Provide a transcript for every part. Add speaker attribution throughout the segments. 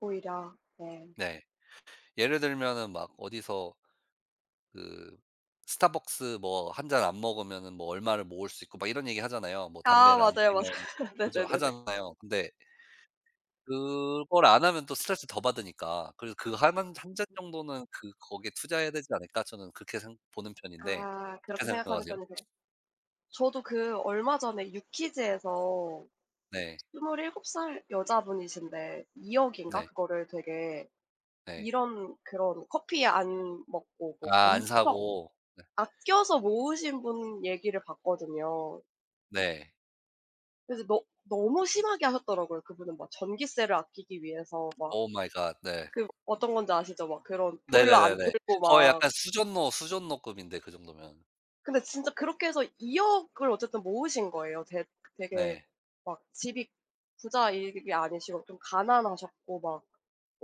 Speaker 1: 오히려 네.
Speaker 2: 네 예를 들면은 막 어디서 그 스타벅스 뭐 1 잔 안 먹으면은 뭐 얼마를 모을 수 있고 막 이런 얘기 하잖아요. 뭐
Speaker 1: 아
Speaker 2: 담배를 안
Speaker 1: 맞아요,
Speaker 2: 피우면
Speaker 1: 맞아요.
Speaker 2: 그죠
Speaker 1: 네네네네.
Speaker 2: 하잖아요. 근데 그걸 안 하면 또 스트레스를 더 받으니까. 그리고 그 하는 '1 잔 정도는 그 거기에 투자해야 되지 않을까?' 저는 그렇게 생 보는 편인데.
Speaker 1: 아
Speaker 2: 어떻게
Speaker 1: 그렇게 생각하는
Speaker 2: 생각하세요?
Speaker 1: 편이세요? 저도 그 얼마 전에 유퀴즈에서
Speaker 2: 네.
Speaker 1: 27 살 여자분이신데 2 억인가
Speaker 2: 네.
Speaker 1: 그거를 되게
Speaker 2: 네.
Speaker 1: 이런 그런 커피 안 먹고 뭐
Speaker 2: 아 안
Speaker 1: 엄청
Speaker 2: 사고. 네.
Speaker 1: 아껴서 모으신 분 얘기를 봤거든요.
Speaker 2: 네.
Speaker 1: 그래서 너 너무 심하게 하셨더라고요. 그분은 막 전기세를 아끼기 위해서 막
Speaker 2: 오 마이 갓. 네.
Speaker 1: 그 어떤 건지 아시죠? 막 그런 보일러 안
Speaker 2: 네네네네.
Speaker 1: 틀고
Speaker 2: 거의 약간
Speaker 1: 막
Speaker 2: 수전노, 수전노 급인데 그 정도면.
Speaker 1: 근데 진짜 그렇게 해서 2 억을 어쨌든 모으신 거예요. 됐 되게
Speaker 2: 네.
Speaker 1: 막 집이 부자 이 이게 아니시고 좀 가난하셨고 막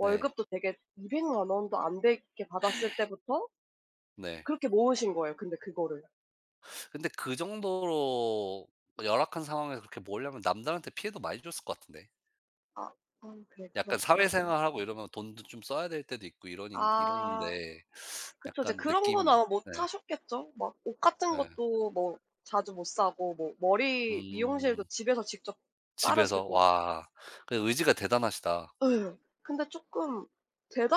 Speaker 2: 네.
Speaker 1: 되게 200 만 원도 안 되게 받았을 때부터
Speaker 2: 네.
Speaker 1: 그렇게 모으신 거예요 근데 그거를.
Speaker 2: 근데 그 정도로 그 열악한 상황에서 그렇게 모으려면 남들한테 피해도 많이 줬을 것 같은데.
Speaker 1: 아 음 그래. 그럼,
Speaker 2: 약간
Speaker 1: 그럼.
Speaker 2: 사회생활하고 이러면 돈도 좀 써야 될 때도 있고 이러는
Speaker 1: 아.
Speaker 2: 이런데
Speaker 1: 그쵸. 인제
Speaker 2: 약간
Speaker 1: 그런 거는
Speaker 2: 느낌이.
Speaker 1: 아마 못
Speaker 2: 네.
Speaker 1: 하셨겠죠. 막 옷 같은
Speaker 2: 네.
Speaker 1: 것도 뭐 자주 못 사고 뭐 머리 미용실도
Speaker 2: 음.
Speaker 1: 집에서 직접
Speaker 2: 집에서.
Speaker 1: 자르시고.
Speaker 2: 와. 그 의지가 대단하시다.
Speaker 1: 예. 근데 쪼끔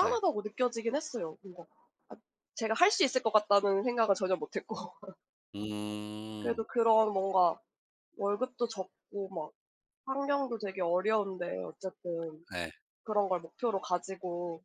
Speaker 2: 네.
Speaker 1: 느껴지긴 했어요. 뭔가 '아 제가 할 수 있을 것 같다.'는 생각은 전혀 못 했고
Speaker 2: 음.
Speaker 1: 그래도 그런 뭔가 월급도 적고 막 환경도 되게 어려운데 어쨌든
Speaker 2: 네.
Speaker 1: 그런 걸 목표로 가지고